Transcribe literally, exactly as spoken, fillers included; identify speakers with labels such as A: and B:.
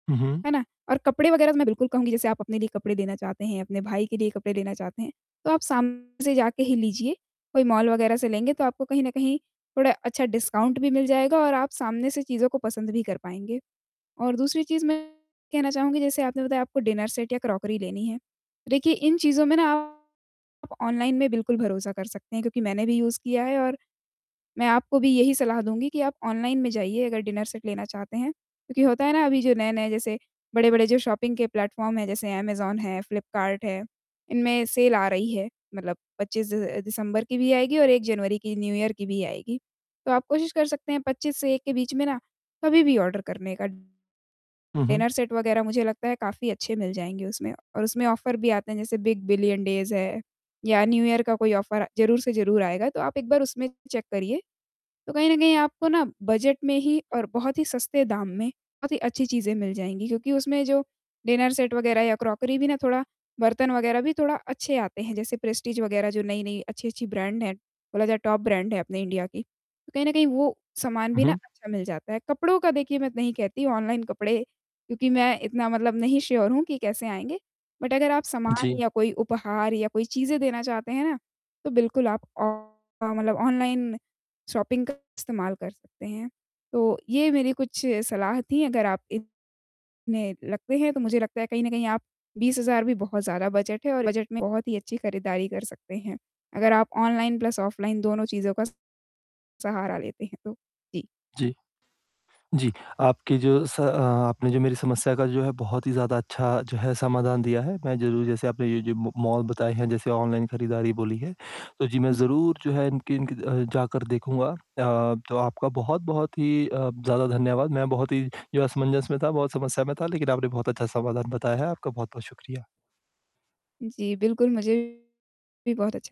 A: उहुँ।
B: है ना? और कपड़े वगैरह तो मैं बिल्कुल कहूँगी, जैसे आप अपने लिए कपड़े देना चाहते हैं, अपने भाई के लिए कपड़े लेना चाहते हैं, तो आप सामने से जाके ही लीजिए, कोई मॉल वगैरह से लेंगे, तो आपको कहीं न कहीं थोड़ा अच्छा डिस्काउंट भी मिल जाएगा और आप सामने से चीज़ों को पसंद भी कर पाएँगे। और दूसरी चीज़, मैं कहना चाहूँगी, जैसे आपने बताया, आपको डिनर सेट या क्रॉकरी लेनी है। देखिए, इन चीज़ों में ना आप ऑनलाइन में बिल्कुल भरोसा कर सकते हैं, क्योंकि मैंने भी यूज़ किया है, और मैं आपको भी यही सलाह दूँगी कि आप ऑनलाइन में जाइए, अगर डिनर सेट लेना चाहते हैं, क्योंकि होता है ना, अभी जो नए-नए, जैसे बड़े-बड़े, जो शॉपिंग के प्लेटफ़ॉर्म हैं, जैसे अमेज़न है, फ़्लिपकार्ट है, इनमें सेल आ रही है। मतलब पच्चीस अ, दिसम्बर की भी आएगी और एक जनवरी की, न्यू ईयर की भी आएगी। तो आप कोशिश कर सकते हैं, पच्चीस से एक के बीच में ना, कभी भी ऑर्डर करने का। डिनर
A: उहुँ।
B: सेट वगैरह, मुझे लगता है, काफ़ी अच्छे मिल जाएँगे उसमें, और उसमें ऑफ़र भी आते हैं, जैसे बिग बिलियन डेज़ है, या न्यू ईयर का कोई ऑफ़र ज़रूर से ज़रूर आएगा। तो आप एक बार उसमें चेक करिए। तो कहीं न कहीं आपको ना, बजट में ही और बहुत ही सस्ते दाम में बहुत ही अच्छी चीज़ें मिल जाएँगी, क्योंकि उसमें जो डिनर सेट वगैरह या क्रॉकरी भी ना, थोड़ा बर्तन वगैरह भी थोड़ा अच्छे आते हैं, जैसे प्रेस्टीज वगैरह, जो नई-नई अच्छी-अच्छी ब्रैन्ड हैं। बोला जाए, टॉप ब्रैन्ड है अपने इंडिया की। कहीं न कहीं, वो सामान भी ना,
A: उहुँ।
B: अच्छा मिल जाता है। कपड़ों का, देखिए, मैं नहीं कहती ऑनलाइन कपड़े, क्योंकि मैं इतना मतलब नहीं श्योर हूँ कि कैसे आएँगे। बट अगर आप सामान
A: जी।
B: या कोई उपहार या कोई चीज़ें देना चाहते हैं ना, तो बिल्कुल आप ऑ ऑ मतलब ऑनलाइन शॉपिंग का इस्तेमाल कर सकते हैं। तो ये मेरी कुछ सलाह थी, अगर आप इन में लगते हैं, तो मुझे लगता है, कहीं न कहीं आप बीस हज़ार भी बहुत ज़्यादा बजट है, और बजट में बहुत ही अच्छी खरीदारी कर सकते हैं, अगर आप ऑनलाइन प्लस ऑफ़लाइन दोनों चीज़ों का सहारा लेते हैं तो। जी।
A: जी। जी, आपके जो स अ, आपने जो मेरी समस्या का, जो है, बहुत ही ज़्यादा अच्छा, जो है, समाधान दिया है। मैं ज़रूर, जैसे आपने ये जो म मॉल बताए हैं, जैसे ऑनलाइन खरीदारी बोली है, तो जी, मैं
B: जी
A: ज़रूर, जो है, इनकी इनकी अ, जाकर देखूँगा। अ, तो आपका बहुत-बहुत ही अ, ज़्यादा धन्यवाद, मैं बहुत ही, जो है, असमंजस में था, बहुत समस्या में था, लेकिन आपने बहुत अच्छा समाधान बताया है। आपका बहुत-बहुत शुक्रिया।
B: जी, बिल्कुल, मुझे भी बहुत अच्छ